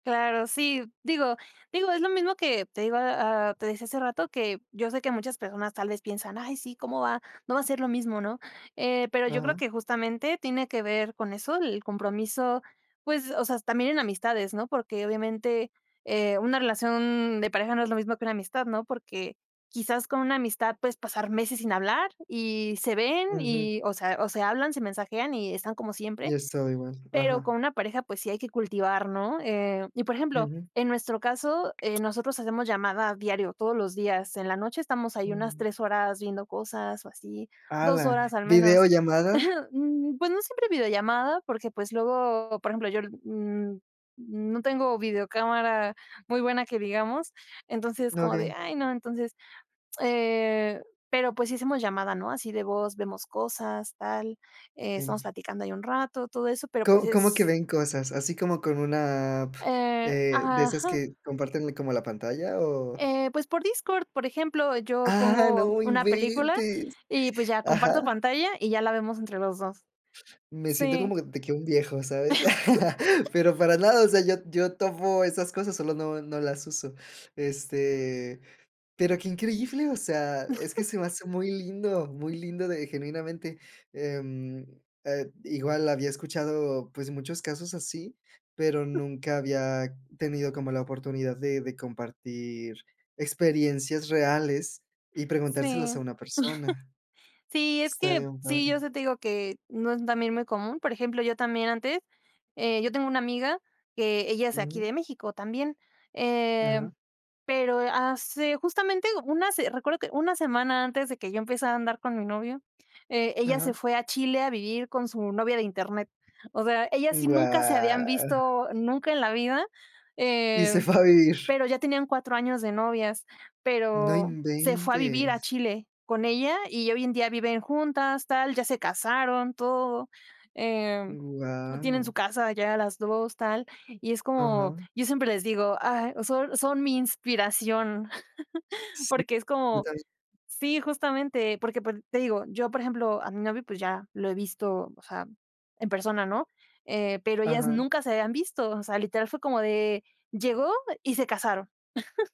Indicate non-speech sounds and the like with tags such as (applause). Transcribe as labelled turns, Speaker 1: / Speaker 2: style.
Speaker 1: Claro, sí, digo digo, es lo mismo que te iba a Te decía hace rato que yo sé que muchas personas tal vez piensan, ay, sí, ¿cómo va? No va a ser lo mismo, ¿no? Eh, pero yo creo
Speaker 2: Ajá.
Speaker 1: que justamente tiene que ver con eso, el compromiso, pues, o sea, también en amistades, ¿no? Porque obviamente, eh, una relación de pareja no es lo mismo que una amistad, ¿no? Porque, quizás con una amistad puedes pasar meses sin hablar y se ven
Speaker 2: Ujú.
Speaker 1: y o sea, o se hablan, se mensajean y están como
Speaker 2: Y
Speaker 1: siempre,
Speaker 2: es todo igual.
Speaker 1: pero
Speaker 2: Ajá.
Speaker 1: con una pareja, pues sí hay que cultivar, ¿no? Eh y por ejemplo,
Speaker 2: Ujú.
Speaker 1: en nuestro caso, eh, nosotros hacemos llamada diario todos los días, en la noche estamos ahí unas
Speaker 2: Mm.
Speaker 1: 3 horas viendo cosas o así,
Speaker 2: Ah,
Speaker 1: 2 horas
Speaker 2: la
Speaker 1: al menos,
Speaker 2: ¿VIdeollamada?
Speaker 1: (chuckles) mm, pues no siempre videollamada, porque, pues, luego, por ejemplo, yo, mm mm, no tengo videocámara muy buena que digamos, entonces es, como de,
Speaker 2: Okey.
Speaker 1: ay, no. Entonces, eh, pero, pues, sí hacemos llamada, ¿no?, así de voz, vemos cosas, tal, eh, estamos
Speaker 2: Sí.
Speaker 1: platicando ahí un rato, todo eso, pero pues
Speaker 2: ¿Co Cómo que
Speaker 1: es
Speaker 2: ven cosas? ¿Así como con una app,
Speaker 1: Eh
Speaker 2: eh, de esas
Speaker 1: Ajá.
Speaker 2: que comparten como la pantalla, o?
Speaker 1: Eh, pues por Discord, por ejemplo, yo
Speaker 2: ¡Ah,
Speaker 1: pongo
Speaker 2: no
Speaker 1: una película
Speaker 2: inventes!
Speaker 1: y, pues, ya
Speaker 2: Ajá.
Speaker 1: comparto pantalla y ya la vemos entre los 2.
Speaker 2: Me siento
Speaker 1: Sí.
Speaker 2: como que de que un viejo, ¿sabes? (chuckles)
Speaker 1: (laughs)
Speaker 2: Pero para nada, o sea, yo yo tovo esas cosas, solo no no las uso. Este, pero qué increíble, o sea, es que
Speaker 1: (chuckles)
Speaker 2: se me hace muy lindo, muy lindo de genuinamente, em, eh, igual había escuchado, pues muchos casos así, pero nunca había tenido como la oportunidad de de compartir experiencias reales y preguntárselos
Speaker 1: Sí.
Speaker 2: a
Speaker 1: (chuckles)
Speaker 2: una persona.
Speaker 1: Sí, es
Speaker 2: Está
Speaker 1: que
Speaker 2: bien
Speaker 1: sí, yo
Speaker 2: padre.
Speaker 1: eso te digo que no es también muy común, por ejemplo, yo también antes Eh, yo tengo una amiga que ella es de aquí
Speaker 2: Ujú.
Speaker 1: de México también, eh,
Speaker 2: Ajá.
Speaker 1: pero hace justamente una se recuerdo que una semana antes de que yo empezara a andar con mi novio, eh, ella se
Speaker 2: Ajá.
Speaker 1: fue a Chile a vivir con su novia de Internet. O sea, ellas sí nunca se habían
Speaker 2: Guau.
Speaker 1: visto nunca en la vida,
Speaker 2: Y
Speaker 1: eh,
Speaker 2: se fue a vivir.
Speaker 1: pero ya tenían 4 años de novias,
Speaker 2: ¡No
Speaker 1: pero se fue a vivir a
Speaker 2: inventes!
Speaker 1: Chile con ella y hoy en día viven juntas, tal, ya se casaron, todo, em, tienen su
Speaker 2: Guau.
Speaker 1: casa ya las 2 tal y es como,
Speaker 2: Ajá.
Speaker 1: yo siempre les digo: "Ay, so son mi inspiración", (chuckles)
Speaker 2: Sí,
Speaker 1: porque es
Speaker 2: yo
Speaker 1: como
Speaker 2: también.
Speaker 1: Sí, justamente, porque por Te digo, yo por ejemplo, a mi novio, pues ya lo he visto, o sea, en persona, ¿no?, eh, pero ellas
Speaker 2: Ajá.
Speaker 1: nunca se habían visto, o sea, literal fue como de llegó y se casaron. (chuckles)